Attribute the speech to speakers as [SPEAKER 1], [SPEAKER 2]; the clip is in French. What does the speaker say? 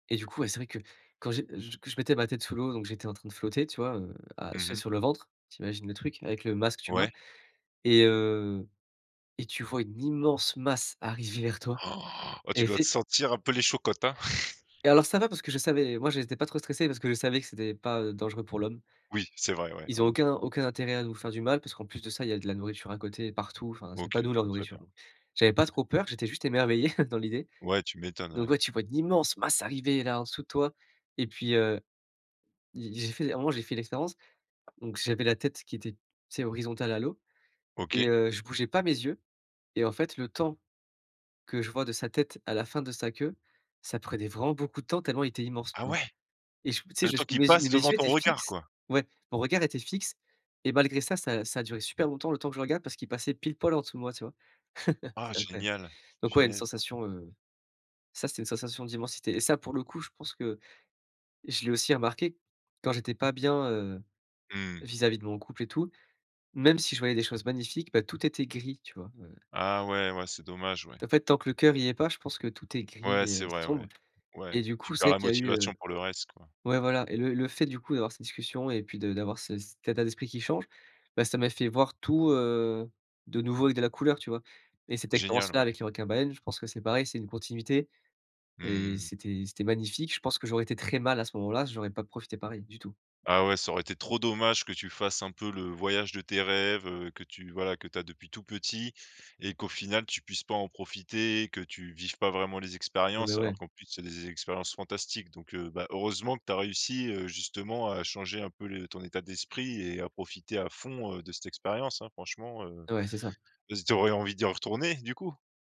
[SPEAKER 1] Et du coup, ouais, c'est vrai que quand j'ai je que je mettais ma tête sous l'eau, donc j'étais en train de flotter, tu vois, heu, à tu
[SPEAKER 2] Mmh
[SPEAKER 1] sais,
[SPEAKER 2] mh.
[SPEAKER 1] sur le ventre, tu imagines le truc avec le masque, tubas
[SPEAKER 2] Ouais.
[SPEAKER 1] et heu et tu vois une immense masse arriver vers toi
[SPEAKER 2] Han! Oh,
[SPEAKER 1] et
[SPEAKER 2] tu
[SPEAKER 1] effe
[SPEAKER 2] dois te sentir un peu les chocottes, hein?
[SPEAKER 1] Et alors ça va parce que je savais moi, j'étais pas trop stressé parce que je savais que c'était pas, heu, dangereux pour l'homme.
[SPEAKER 2] Oui, c'est vrai, ouais,
[SPEAKER 1] Ils ont
[SPEAKER 2] en effet.
[SPEAKER 1] aucun aucun intérêt à nous faire du mal parce qu'en plus de ça, il y a de la nourriture à côté, partout, enfin, c'est pas
[SPEAKER 2] OK,
[SPEAKER 1] nous leur
[SPEAKER 2] bah, très
[SPEAKER 1] nourriture,
[SPEAKER 2] bien.
[SPEAKER 1] donc j'avais pas trop peur, j'étais juste émerveillé dans l'idée,
[SPEAKER 2] Ouais, tu m'étonnes,
[SPEAKER 1] donc
[SPEAKER 2] ouais.
[SPEAKER 1] ouais, tu vois une immense masse arriver, là, en dessous de toi et puis, heu, j'ai j'ai fait à un moment, j'ai fait l'expérience, donc j'avais la tête qui était, tu sais, horizontale à l'eau et
[SPEAKER 2] OK.
[SPEAKER 1] heu, je bougeais pas mes yeux et en fait, le temps que je vois de sa tête à la fin de sa queue, ça prenait vraiment beaucoup de temps tellement il était immense,
[SPEAKER 2] Ah
[SPEAKER 1] tu vois
[SPEAKER 2] ouais!
[SPEAKER 1] et je tu sais,
[SPEAKER 2] Le
[SPEAKER 1] je
[SPEAKER 2] temps qui
[SPEAKER 1] mes
[SPEAKER 2] passe,
[SPEAKER 1] et mes
[SPEAKER 2] devant
[SPEAKER 1] yeux
[SPEAKER 2] ton
[SPEAKER 1] étaient
[SPEAKER 2] regard,
[SPEAKER 1] fixes
[SPEAKER 2] quoi?
[SPEAKER 1] ouais, mon regard était fixe et malgré ça, ça ça a duré super longtemps le temps que je regarde parce qu'il passait pile poil en dessous de moi, tu vois?
[SPEAKER 2] Ah
[SPEAKER 1] C'était incroyable,
[SPEAKER 2] génial!
[SPEAKER 1] donc ouais, une
[SPEAKER 2] Punaise!
[SPEAKER 1] sensation, heu, ça c'était une sensation d'immensité et ça pour le coup, je pense que je l'ai aussi remarqué, quand j'étais pas bien, heu,
[SPEAKER 2] Mmh.
[SPEAKER 1] vis-à-vis de mon couple et tout, même si je voyais des choses magnifiques, bah, tout était gris, tu vois? Ouais, ouais.
[SPEAKER 2] Ah ouais, ouais, c'est dommage, ouais.
[SPEAKER 1] En fait, tant que le cœur y est pas, je pense que tout est gris
[SPEAKER 2] Ouais, c'est
[SPEAKER 1] et
[SPEAKER 2] vrai,
[SPEAKER 1] sombre
[SPEAKER 2] ouais, ouais.
[SPEAKER 1] et du
[SPEAKER 2] Tu
[SPEAKER 1] coup, c'est
[SPEAKER 2] perds
[SPEAKER 1] vrai
[SPEAKER 2] la
[SPEAKER 1] qu'il y a eu, heu
[SPEAKER 2] motivation pour le reste, quoi.
[SPEAKER 1] ouais, voilà et le le fait, du coup, d'avoir ces discussions et puis de d'avoir ce cet état d'esprit qui change, bah, ça m'a fait voir tout, heu, de nouveau avec de la couleur, tu vois et cette
[SPEAKER 2] Génial,
[SPEAKER 1] expérience-là
[SPEAKER 2] ouais.
[SPEAKER 1] avec les requins baleines je pense que c'est pareil, c'est une continuité et
[SPEAKER 2] Mmh.
[SPEAKER 1] c'était c'était magnifique. Je pense que j'aurais été très mal à ce moment-là, j'aurais pas profité pareil du tout.
[SPEAKER 2] Ah ouais, ça aurait été trop dommage que tu fasses un peu le voyage de tes rêves, heu, que tu voilà, que tu as depuis tout petit et qu'au final tu puisses pas en profiter, que tu vives pas vraiment les
[SPEAKER 1] Ah, beh,
[SPEAKER 2] expériences alors
[SPEAKER 1] ouais.
[SPEAKER 2] qu'en plus c'est des expériences fantastiques, donc heu, bah, heureusement que tu as réussi, heu, justement à changer un peu le ton état d'esprit et à profiter à fond, heu, de cette expérience, hein, franchement, heu,
[SPEAKER 1] Ouais, c'est ça.
[SPEAKER 2] et z tu aurais envie d'y retourner, du coup?